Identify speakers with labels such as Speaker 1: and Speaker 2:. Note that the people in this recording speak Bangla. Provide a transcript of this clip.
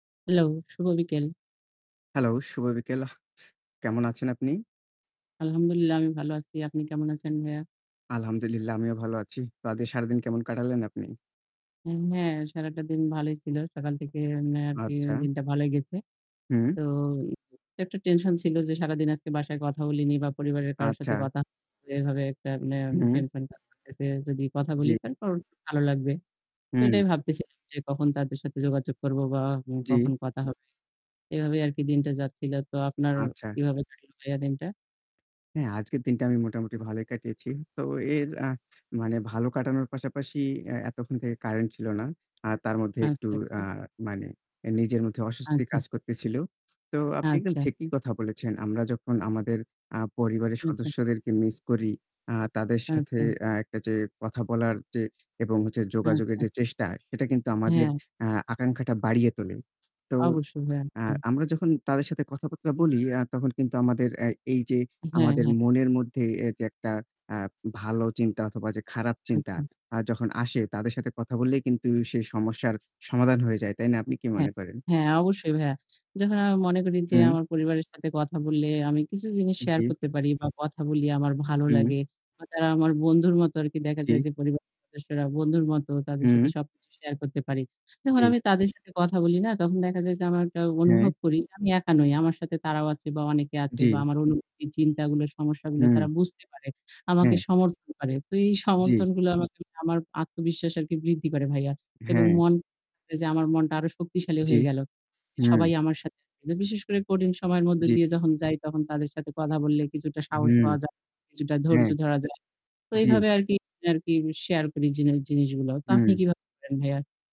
Speaker 1: হ্যালো, শুভ বিকেল।
Speaker 2: হ্যালো, শুভ বিকেল। কেমন আছেন আপনি?
Speaker 1: আলহামদুলিল্লাহ আমি ভালো আছি। আপনি কেমন আছেন ভাইয়া?
Speaker 2: আলহামদুলিল্লাহ। আমিও ভালো আছি। তা আজকে সারাদিন কেমন কাটালেন আপনি?
Speaker 1: অ্যা হ্যাঁ, সারাটা দিন ভালোই ছিল। সকাল থেকে এম আর কি
Speaker 2: আচ্ছা।
Speaker 1: দিনটা ভালই গেছে।
Speaker 2: হুম।
Speaker 1: তো একটা টেনশন ছিল যে সারাদিন আজকে বাসায় কথা বলিনি। বা পরিবারের কারোর সাথে
Speaker 2: আচ্ছা।
Speaker 1: কথা হয়নি এভাবে একটা মানে
Speaker 2: হুম।
Speaker 1: টেনশন। কাজ করতেসে যদি কথা
Speaker 2: জ্বী।
Speaker 1: বলি তারপর ভালো লাগবে। তো
Speaker 2: হুম।
Speaker 1: এটাই ভাবতেছিলাম যে কখন তাদের সাথে যোগাযোগ করব বা
Speaker 2: জ্বী।
Speaker 1: কখন কথা হবে। এভাবেই আর কি দিনটা যাচ্ছিল। তো আপনার
Speaker 2: আচ্ছা।
Speaker 1: কিভাবে কাটলো ভাইয়া দিনটা?
Speaker 2: হ্যাঁ, আজকের দিনটা আমি মোটামুটি ভালোই কাটিয়েছি। তো এর আ মানে ভালো কাটানোর পাশাপাশি এ এতক্ষণ থেকে কারেন্ট ছিল না। আর তার মধ্যে একটু
Speaker 1: আচ্ছা,
Speaker 2: আ
Speaker 1: আচ্ছা।
Speaker 2: মানে নিজের মধ্যে অস্বস্তি
Speaker 1: আচ্ছা।
Speaker 2: কাজ করতেছিল। তো আপনি একদম
Speaker 1: আচ্ছা।
Speaker 2: ঠিকই কথা বলেছেন। আমরা যখন আমাদের আ পরিবারের
Speaker 1: আচ্ছা।
Speaker 2: সদস্যদেরকে মিস করি। আ তাদের সাথে
Speaker 1: আচ্ছা।
Speaker 2: আ একটা যে কথা বলার যে এবং হচ্ছে
Speaker 1: আচ্ছা,
Speaker 2: যোগাযোগের যে
Speaker 1: আচ্ছা।
Speaker 2: চেষ্টা সেটা কিন্তু আমাদের
Speaker 1: হ্যাঁ।
Speaker 2: আ আকাঙ্খাটা বাড়িয়ে তোলে। তো
Speaker 1: অবশ্যই। হ্যাঁ,
Speaker 2: আ
Speaker 1: হ্যাঁ।
Speaker 2: আমরা যখন তাদের সাথে কথাবার্তা বলি, আ তখন কিন্তু আমাদের অ্যা এই যে
Speaker 1: হ্যাঁ,
Speaker 2: আমাদের
Speaker 1: হ্যাঁ।
Speaker 2: মনের মধ্যে এ যে একটা আ ভালো চিন্তা অথবা যে খারাপ চিন্তা
Speaker 1: আচ্ছা।
Speaker 2: আ যখন আসে তাদের সাথে কথা বললেই কিন্তু সেই সমস্যার সমাধান হয়ে যায়। তাই না? আপনি কি
Speaker 1: হ্যাঁ।
Speaker 2: মনে করেন?
Speaker 1: হ্যাঁ, অবশ্যই ভাইয়া। যখন আমি মনে করি যে
Speaker 2: হুম।
Speaker 1: আমার পরিবারের সাথে কথা বললে, আমি কিছু জিনিস শেয়ার
Speaker 2: জ্বী।
Speaker 1: করতে পারি। বা কথা বলি আমার ভালো
Speaker 2: হুম।
Speaker 1: লাগে। আ তারা আমার বন্ধুর মতো আরকি দেখা
Speaker 2: জ্বী।
Speaker 1: যায় যে পরিবারের সদস্যরা বন্ধুর মতো তাদের সাথে
Speaker 2: হুম।
Speaker 1: সবকিছু শেয়ার করতে পারি। যখন
Speaker 2: জ্বী।
Speaker 1: আমি তাদের সাথে কথা বলি না? তখন দেখা যায় যে আমার একটা অনুভব
Speaker 2: হ্যাঁ।
Speaker 1: করি যে, আমি একা নই। আমার সাথে তারাও আছে বা অনেকে আছে বা
Speaker 2: জ্বী।
Speaker 1: আমার অনুভূতি, চিন্তাগুলো সমস্যাগুলো
Speaker 2: হুম।
Speaker 1: তারা বুঝতে পারে, আমাকে
Speaker 2: হু।
Speaker 1: সমর্থন করে। তো এই
Speaker 2: জ্বী।
Speaker 1: সমর্থনগুলো আমাকে আমার আত্মবিশ্বাস আরকি বৃদ্ধি করে ভাইয়া। এবং
Speaker 2: হ্যাঁ।
Speaker 1: মন যে আমার মনটা আরো শক্তিশালী
Speaker 2: জ্বী।
Speaker 1: হয়ে গেল।
Speaker 2: হু।
Speaker 1: সবাই আমার সাথে আছে। বিশেষ করে কঠিন সময়ের মধ্যে
Speaker 2: জ্বী।
Speaker 1: দিয়ে যখন যাই, তখন তাদের সাথে কথা বললে কিছুটা সাহস
Speaker 2: হুম।
Speaker 1: পাওয়া যায়, কিছুটা ধৈর্য
Speaker 2: হ্যাঁ।
Speaker 1: ধরা যায়। তো
Speaker 2: জ্বী।
Speaker 1: এইভাবে আরকি আরকি শেয়ার করি জিন জিনিসগুলো। তো আপনি
Speaker 2: হুম।
Speaker 1: কিভাবে করেন ভাইয়া?